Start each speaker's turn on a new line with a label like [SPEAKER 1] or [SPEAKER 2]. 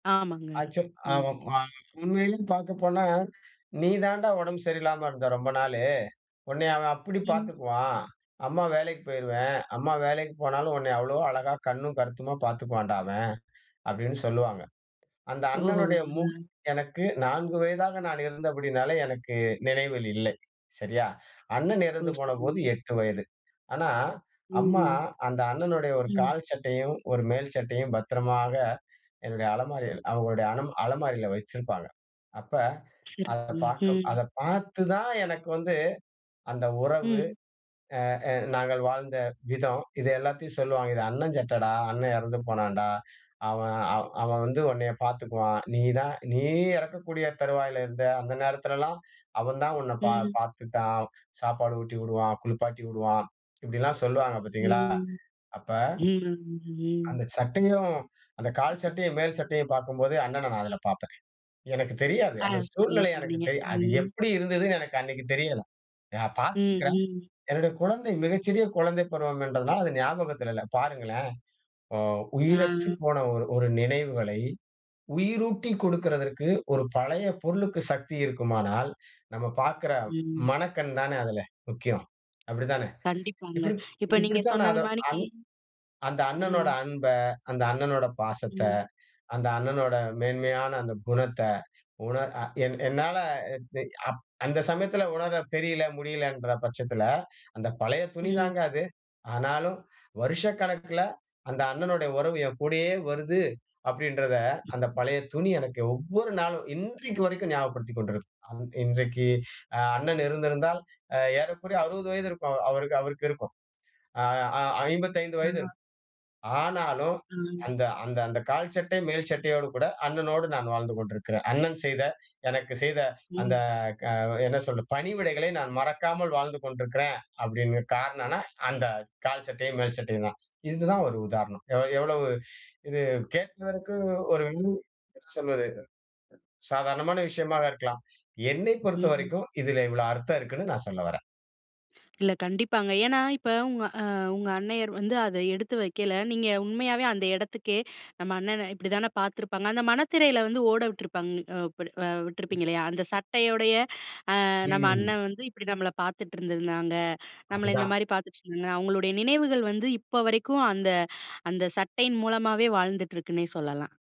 [SPEAKER 1] ஆமாங்க.
[SPEAKER 2] ஆக்சுவல் அ
[SPEAKER 1] ம்.
[SPEAKER 2] ம உண்மையிலே பாக்க போனா, "நீ தான்டா உடம்பு சரியில்லாம இருந்த ரொம்ப நாளு. உன்னைய அவன் அப்படி
[SPEAKER 1] ம்.
[SPEAKER 2] பாத்துக்குவான். அம்மா வேலைக்கு போய்ருவேன். அம்மா வேலைக்கு போனாலும் உன்னைய அவ்வளோ அழகா, கண்ணும் கருத்துமா பார்த்துக்குவான்டா அவன்." அப்டின்னு சொல்வாங்க. அந்த
[SPEAKER 1] ஓஹோ.
[SPEAKER 2] அண்ணனுடைய முகம் எனக்கு 4 வயதாக நான் இருந்தபடியினாலே, எனக்கு நினைவில் இல்லை. சரியா? அண்ணன்
[SPEAKER 1] ஓ
[SPEAKER 2] இறந்து போனபோது
[SPEAKER 1] சரிங்க.
[SPEAKER 2] 8 வயது. ஆனா,
[SPEAKER 1] ம்,
[SPEAKER 2] அம்மா
[SPEAKER 1] ம்.
[SPEAKER 2] அந்த அண்ணனுடைய ஒரு
[SPEAKER 1] ம்.
[SPEAKER 2] கால் சட்டையும் ஒரு மேல் சட்டையும் பத்திரமாக என்னுடைய அலமாரியில் அவுங்களுடைய அல அலமாரியில வச்சிருப்பாங்க. அப்ப அதை
[SPEAKER 1] சிறப்புங்க.
[SPEAKER 2] பாக்க
[SPEAKER 1] ம்.
[SPEAKER 2] அதை பாத்து தான் எனக்கு வந்து அந்த உறவு
[SPEAKER 1] ம்.
[SPEAKER 2] ஆ, ஆ நாங்கள் வாழ்ந்த விதம். இதை எல்லாத்தயும் சொல்லுவாங்க. "இது அண்ணன் சட்டைடா, அண்ணன் எறந்து போனான்டா. அவன் அ அவன் வந்து உன்னைய பாத்துக்குவான். நீ தான் நீ இறக்கக்கூடிய தருவாயில இருந்த. அந்த நேரத்தில எல்லாம் அவன் தான் உன்னை பா
[SPEAKER 1] ம்.
[SPEAKER 2] பாத்துக்டான். சாப்பாடு ஊட்டி உடுவான், குளிப்பாட்டி உடுவான்." இப்படியெல்லாம் சொல்வாங்க பாத்தீங்களா?
[SPEAKER 1] ம்.
[SPEAKER 2] அப்ப
[SPEAKER 1] ம். ம்.
[SPEAKER 2] அந்த சட்டையும், அந்த கால் சட்டையும், மேல் சட்டையும் பாக்கும்போது, அண்ணன நான் அதில பாப்பேன். எனக்குத் தெரியாது.
[SPEAKER 1] ஆ.
[SPEAKER 2] அந்த
[SPEAKER 1] சரியா
[SPEAKER 2] சூழ்நிலை எனக்கு
[SPEAKER 1] சொன்னீங்க
[SPEAKER 2] தெரியா. அது
[SPEAKER 1] ம்.
[SPEAKER 2] எப்படி இருந்ததுன்னு எனக்கு அன்னைக்கு தெரியல. நான்
[SPEAKER 1] ம்,
[SPEAKER 2] பாத்திருக்கிறேன்.
[SPEAKER 1] ம்.
[SPEAKER 2] என்னுடைய குழந்தை மிக சிறிய குழந்தை பருவம் என்பதனால அது ஞாபகத்தில இல்ல. பாருங்களேன். அ உயிரற்று
[SPEAKER 1] ஆ.
[SPEAKER 2] போன ஒரு ஒரு நினைவுகளை உயிரூட்டிக் கொடுக்கறதற்கு, ஒரு பழைய பொருளுக்கு சக்தி இருக்குமானால், நம்ம பாக்கிற
[SPEAKER 1] ம்.
[SPEAKER 2] மனக்கண் தானே அதில முக்கியம். அப்படி தானே!
[SPEAKER 1] கண்டிப்பாங்க.
[SPEAKER 2] இப்படி
[SPEAKER 1] இப்ப நீங்க
[SPEAKER 2] இப்படித்தான் நான்
[SPEAKER 1] சொன்னது
[SPEAKER 2] அதை
[SPEAKER 1] மாணிக்கு
[SPEAKER 2] அந்த
[SPEAKER 1] ம்.
[SPEAKER 2] அண்ணனோட அன்ப, அந்த அண்ணனோட பாசத்த,
[SPEAKER 1] ம்.
[SPEAKER 2] அந்த அண்ணனோட மேன்மையான அந்த குணத்த, உணர் அ என் என்னால அ அப் அந்த சமயத்தில உணரத் தெரியல, முடியலன்ற பட்சத்தில, அந்த பழைய துணி
[SPEAKER 1] ம்.
[SPEAKER 2] தாங்க அது. ஆனாலும், "வருஷக்கணக்கில அந்த அண்ணனுடைய உறவு என் கூடயே வருது" அப்படின்றத அந்த பழைய துணி எனக்கு ஒவ்வொரு நாளும், இன்றைக்கு வரைக்கும் ஞாபகப்படுத்திக் கொண்டிருக்கும். அ இன்றைக்கு அ அண்ணன் இருந்திருந்தால் ஏறக்குறைய 60 வயது இருக்கும். அவருக்கு. அவருக்கு இருக்கும். அ அ 55 வயது
[SPEAKER 1] ஆ.
[SPEAKER 2] இருக்கும். ஆனாலும்
[SPEAKER 1] அ.
[SPEAKER 2] அந்த, அந்த, அந்த கால் சட்டை, மேல் சட்டையோடு கூட, அண்ணனோடு நான் வாழ்ந்து கொண்டிருக்கிறேன். அண்ணன் செய்த எனக்கு செய்த அந்த
[SPEAKER 1] ம்.
[SPEAKER 2] க என்ன சொல்றது, பணிவிடைகளை நான் மறக்காமல் வாழ்ந்து கொண்டிருக்கிறேன். அப்படிங்க காரணம்ன்னா, அந்த கால் சட்டையும் மேல் சட்டையும் தான். இதுதான் ஒரு உதாரணம். எவ் எவ்வளவு இது கேக்குறதுக்கு ஒரு என்ன சொல்வது? சாதாரணமான விஷயமாக இருக்கலாம். என்னை
[SPEAKER 1] ம்.
[SPEAKER 2] பொறுத்தவரைக்கும் இதிலே இவ்வளோ அர்த்தம் இருக்குன்னு நான் சொல்ல வரேன்.
[SPEAKER 1] இல்ல கண்டிப்பாங்க. ஏன்னா, இப்போ உங்க அ உங்க அன்னையர் வந்து, அதை எடுத்து வைக்கல, நீங்க உண்மையாவே அந்த எடத்துக்கே, நம்ம அண்ணன, "இப்படி தானே பாத்திருப்பாங்க." அந்த மனத்திரையில வந்து ஓட விட்ருப்பாங்க இப்டி இல்ல அ
[SPEAKER 2] ம்.
[SPEAKER 1] விட்ருப்பீங்க இல்லையா? அந்த சட்டையோடைய, அ நம்ம
[SPEAKER 2] ம்.
[SPEAKER 1] அண்ணன் வந்து இப்படி நம்மள பாத்துட்ருந்தாங்க. நம்மள இந்த
[SPEAKER 2] அதுதான்.
[SPEAKER 1] மாரி பாத்துட்டு இருந்தாங்க. அவங்களுடைய நினைவுகள் வந்து, இப்ப வரைக்கும் அந்த அந்த சட்டையின் மூலமாவே வாழ்ந்துட்ருக்குன்னே சொல்லலாம்.